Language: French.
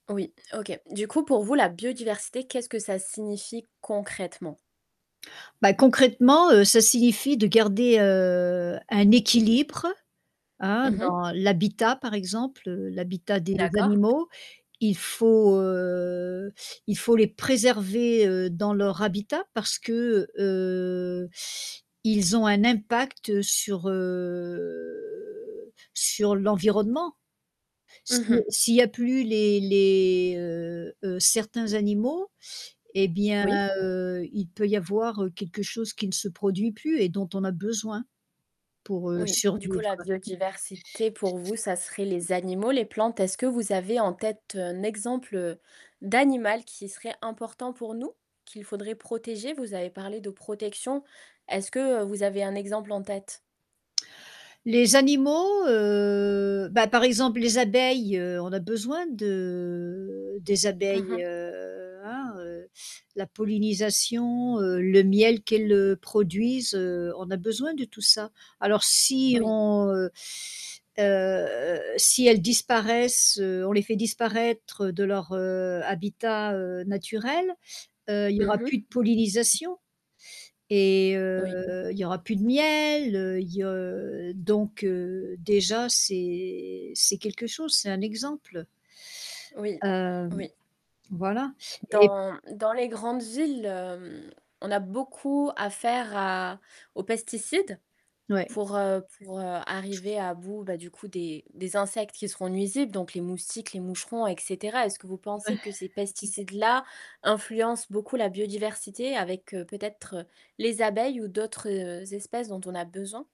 Oui, OK. Du coup, pour vous, la biodiversité, qu'est-ce que ça signifie concrètement? Bah, concrètement, heu, ça signifie de garder, heu, un équilibre, hein, Mmh mh. dans l'habitat par exemple, heu, l'habitat des D'accord. animaux. Il faut, heu, il faut les préserver, heu, dans leur habitat parce que, heu, ils ont un impact sur, heu, sur l'environnement. Mmh Si mh. s'il y a plus les les heu, heu, certains animaux, eh bien, Oui. heu, il peut y avoir, heu, quelque chose qui ne se produit plus et dont on a besoin pour, heu, Oui, du coup survivre. la biodiversité pour vous, ça serait les animaux, les plantes. Est-ce que vous avez en tête un exemple, heu, d'animal qui serait important pour nous? Qu'il faudrait protéger? Vous avez parlé de protection, est-ce que, heu, vous avez un exemple en tête? Les animaux, heu, bah, par exemple les abeilles on a besoin de des Mmh mh. abeilles, heu, hein, heu la pollinisation, heu, le miel qu'elles, heu, produisent, heu, on a besoin de tout ça. Alors si Oui. on, heu heu si elles disparaissent, heu, on les fait disparaître de leur, heu, habitat, heu, naturel, heu, il y aura Mmh mh. plus de pollinisation et heu, Oui. il y aura plus de miel, heu, il y heu, donc heu, déjà c'est c'est quelque chose, c'est un exemple. Oui, Hem, oui. voilà et Dans dans les grandes villes, hem, on a beaucoup à faire à aux pesticides Ouais. pour heu pour heu, arriver à bout, bah, du coup des des insectes qui seront nuisibles, donc les moustiques, les moucherons, et cetera. Est-ce que vous Ouais pensez que ces pesticides-là influencent beaucoup la biodiversité avec, heu, peut-être, les abeilles ou d'autres espèces dont on a besoin?